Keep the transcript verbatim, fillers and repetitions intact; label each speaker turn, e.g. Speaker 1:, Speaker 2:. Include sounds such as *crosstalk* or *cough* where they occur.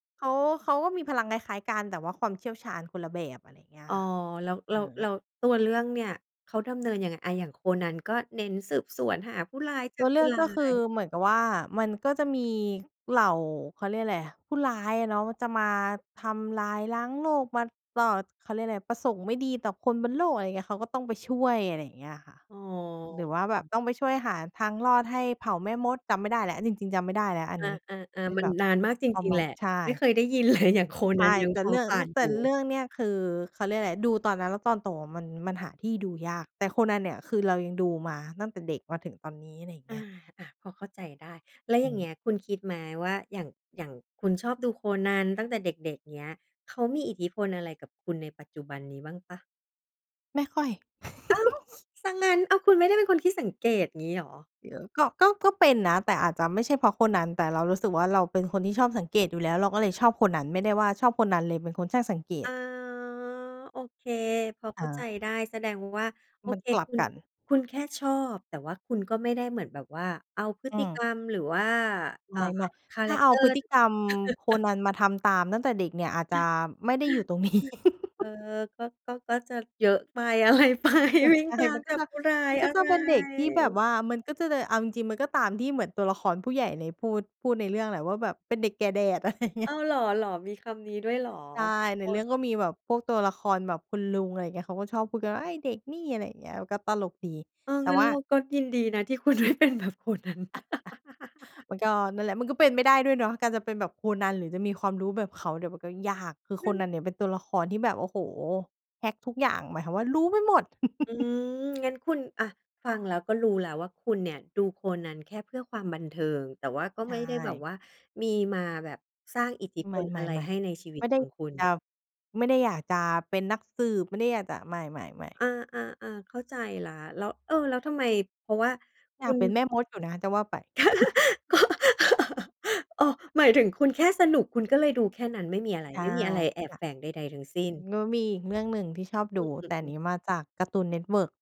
Speaker 1: เขา เขาก็มีพลังคล้ายๆ กัน แต่ว่าความเชี่ยวชาญคนละแบบ อะไรเงี้ย
Speaker 2: อ๋อ
Speaker 1: ค่ะ
Speaker 2: แล้ว แล
Speaker 1: เ
Speaker 2: ้
Speaker 1: อ
Speaker 2: ว
Speaker 1: อ
Speaker 2: แล้วตัวเรื่องเนี่ยเขาดำเนินยังไง? อะ อย่างโคนัน ก็เน้นสืบสวนหาผู้ร้ายจ
Speaker 1: ต
Speaker 2: ั
Speaker 1: ั
Speaker 2: บ
Speaker 1: วเ
Speaker 2: ผ
Speaker 1: ลื
Speaker 2: ู้
Speaker 1: อก
Speaker 2: ร้า
Speaker 1: ก็คื
Speaker 2: ย
Speaker 1: อเหมือนกับว่า มันก็จะมีเหล่า เขาเรียกอะไร ผู้ร้ายอะเนาะ จะมาทำลายล้างโลก มาต่อ เขาเรียกอะไร ประสงค์ไม่ดีต่อคนบนโลก อะไรอย่างเงี้ย เขาก็ต้องไปช่วย อะไรอย่างเงี้ยอะค่ะ
Speaker 2: อ๋อ
Speaker 1: หรือว่าแบบต้องไปช่วยหาทางรอดให้เผ่าแม่มด จำไม่ได้แล้ว จริง ๆ จำไม่ได้แล้วอัน
Speaker 2: อ
Speaker 1: นี้
Speaker 2: า
Speaker 1: เป
Speaker 2: ๆ
Speaker 1: ็น
Speaker 2: ๆ มั
Speaker 1: แ
Speaker 2: น
Speaker 1: บบ
Speaker 2: นานมากจ
Speaker 1: ประ
Speaker 2: ริง
Speaker 1: ม
Speaker 2: ๆ
Speaker 1: า
Speaker 2: แ
Speaker 1: ณ
Speaker 2: หละ
Speaker 1: ใช
Speaker 2: ไม่เ
Speaker 1: ่
Speaker 2: คยได้ยิน เลย อย่างโค
Speaker 1: ใ
Speaker 2: น
Speaker 1: ช
Speaker 2: ัน
Speaker 1: ่
Speaker 2: ยัง
Speaker 1: แต
Speaker 2: พ
Speaker 1: ่
Speaker 2: อ
Speaker 1: เรื่อง
Speaker 2: ผ่
Speaker 1: ร
Speaker 2: าน
Speaker 1: แต
Speaker 2: ห
Speaker 1: ่
Speaker 2: ู
Speaker 1: เรื่องเนี่ย คือ เขาเรียกอะไร ดูตอนนั้นแล้ว ตอนโตอะมัน มันหาที่ดูยาก แต่โคนันเนี่ย คือเรายังดูมาตั้งแต่เด็กมาถึงตอนนี้ อะไรอย่าง
Speaker 2: อ
Speaker 1: เง
Speaker 2: า
Speaker 1: ี้ย
Speaker 2: อะ พอเข้าใจได้ แล้วอ
Speaker 1: อ
Speaker 2: ย
Speaker 1: ื
Speaker 2: ่างเ
Speaker 1: ม
Speaker 2: งี้ย คุณคิดไหมว่า อย่าง อย่างคุณชอบดูโคนันตั้งแต่เด็ก ๆ เงี้ย เขามีอิทธิพลอะไรกับคุณในปัจจุบันนี้บ้างเปล่า?
Speaker 1: ไม่ค่อย
Speaker 2: อ้าว!
Speaker 1: *giggles*
Speaker 2: เสียงั้น อ้าว คุณไม่ได้เป็นคนขี้สังเกตงี้เหรอ?
Speaker 1: เดี๋ยวก็ ก็ ก็เป็นนะ แต่อาจจะไม่ใช่เพราะโคนัน แต่เรารู้สึกว่า เราเป็นคนที่ชอบสังเกตอยู่แล้ว เราก็เลยชอบโคนัน ไม่ได้ว่าชอบโคนันเลยเป็นคนช่างสังเก
Speaker 2: อ๋
Speaker 1: ต
Speaker 2: อ โอเค พอเข้าใจ
Speaker 1: เออ
Speaker 2: ได้ แสดงว่า โอ
Speaker 1: มัน
Speaker 2: เค
Speaker 1: กลั
Speaker 2: ค
Speaker 1: บ
Speaker 2: ุณ
Speaker 1: กัน
Speaker 2: คุณแค่ชอบ แต่ว่าคุณก็ไม่ได้เหมือนแบบว่า เอาพฤ
Speaker 1: อ
Speaker 2: ติ
Speaker 1: ื
Speaker 2: ก
Speaker 1: ม
Speaker 2: รรมหรือว่า เอ่
Speaker 1: ไ
Speaker 2: อ
Speaker 1: ม่
Speaker 2: คา
Speaker 1: ๆ ถ
Speaker 2: แร
Speaker 1: ้า
Speaker 2: ก
Speaker 1: เอ
Speaker 2: เ
Speaker 1: า
Speaker 2: ตอร
Speaker 1: พ
Speaker 2: ์
Speaker 1: ฤต
Speaker 2: น
Speaker 1: ิ
Speaker 2: ั้น
Speaker 1: กรรมโค
Speaker 2: *chuckles*
Speaker 1: นันมาทำตามตั้งแต่เด็กเนี่ย อาจจะไม่ได้อยู่ตรง นี้
Speaker 2: เออ
Speaker 1: *giggles*
Speaker 2: ก็ ก็ ก็จะเยอะไป อะไรไป
Speaker 1: อะ
Speaker 2: วิ่
Speaker 1: ใช
Speaker 2: ง
Speaker 1: ่
Speaker 2: ตา
Speaker 1: ม
Speaker 2: ม
Speaker 1: ันก
Speaker 2: จ
Speaker 1: ็
Speaker 2: ับ
Speaker 1: จะ
Speaker 2: ผู้ร้า
Speaker 1: ม
Speaker 2: ย
Speaker 1: ันก
Speaker 2: อ
Speaker 1: ็
Speaker 2: ะ
Speaker 1: จ
Speaker 2: ไ
Speaker 1: ะ
Speaker 2: ร
Speaker 1: เป็นเด็กที่แบบว่า มันก็จะเดย เอาจริง ๆ มันก็ตามที่เหมือนตัวละครผู้ใหญ่เนี่ยพูด พูดในเรื่องแหละว่าแบบเป็นเด็กแก่แดด อะไรอย่างเงี
Speaker 2: อ
Speaker 1: ้
Speaker 2: ้
Speaker 1: ย
Speaker 2: าว เหรอ เหรอ มีคำนี้ด้วยเหรอ?
Speaker 1: ใช่ ใ
Speaker 2: ค
Speaker 1: นเรื่
Speaker 2: น
Speaker 1: องก็มีแบบพวกตัวละครแบบคุณลุง อะไรเงี้ย เขาก็ชอบพูดกันว่า "เอ๊ย เด็กนี่" อะไรอย่างเงี้ย ก็ตลกดี
Speaker 2: เออ
Speaker 1: แต่
Speaker 2: งั้น
Speaker 1: ว่า
Speaker 2: เราก็ยินดีนะที่คุณ ไม่เป็นแบบโคนัน
Speaker 1: อะ อะ
Speaker 2: *laughs*
Speaker 1: มันก็นั่นแหละ มันก็เป็นไม่ได้ด้วยเนาะ การจะเป็นแบบโคนัน หรือจะมีความรู้แบบเขาเนี่ย มันก็ยาก คือโค
Speaker 2: นั้น
Speaker 1: นันเนี่ยเป็นตัวละครที่แบบ โอ้โฮ! แฮกทุกอย่าง หมายความว่ารู้ไปหมด
Speaker 2: อื
Speaker 1: *laughs*
Speaker 2: ม งั้นคุณ อะ ฟังแล้วก็รู้แล้วว่า คุณเนี่ยดูโคนันแค่เพื่อความบันเทิง แต่ว่าก็
Speaker 1: ใช
Speaker 2: ไม่ได้แบบ
Speaker 1: ่
Speaker 2: ว่ามีมาแบบสร้างอิทธิพ
Speaker 1: ไม่
Speaker 2: ล
Speaker 1: ๆ
Speaker 2: อะไรให้ในชีว
Speaker 1: ๆ
Speaker 2: ิ
Speaker 1: ไ
Speaker 2: ต
Speaker 1: ม่ได
Speaker 2: ข
Speaker 1: ้
Speaker 2: องคุณ
Speaker 1: จะ ไม่ได้อยากจะเป็นนักสืบ ไม่ได้อยากจะ ไม่ ๆ ๆ
Speaker 2: อา ๆ ๆ เข้าใจแล้ว แล้ว เออ แล้วทำไม เพราะว่า
Speaker 1: อ
Speaker 2: ค
Speaker 1: ย
Speaker 2: ุ
Speaker 1: าก
Speaker 2: ณ
Speaker 1: เป็นแม่มดอยู่นะ จะว่าไป
Speaker 2: *laughs* ก
Speaker 1: *chuckles*
Speaker 2: ็ *laughs* อ้อ หมายถึงคุณแค่สนุก คุณก็เลยดูแค่นั้น ไม่มีอะไร
Speaker 1: ใช่
Speaker 2: ไม่มีอะไรแอ
Speaker 1: ค
Speaker 2: บ
Speaker 1: ่ะ
Speaker 2: แฝงใด ๆ ทั้งสิ้น
Speaker 1: แล้วมีอีกเรื่องหนึ่งที่ชอบ
Speaker 2: อ
Speaker 1: ดู
Speaker 2: ือ อื
Speaker 1: แต
Speaker 2: อ
Speaker 1: ่
Speaker 2: อื
Speaker 1: น
Speaker 2: อ
Speaker 1: ี้มาจาก Cartoon Network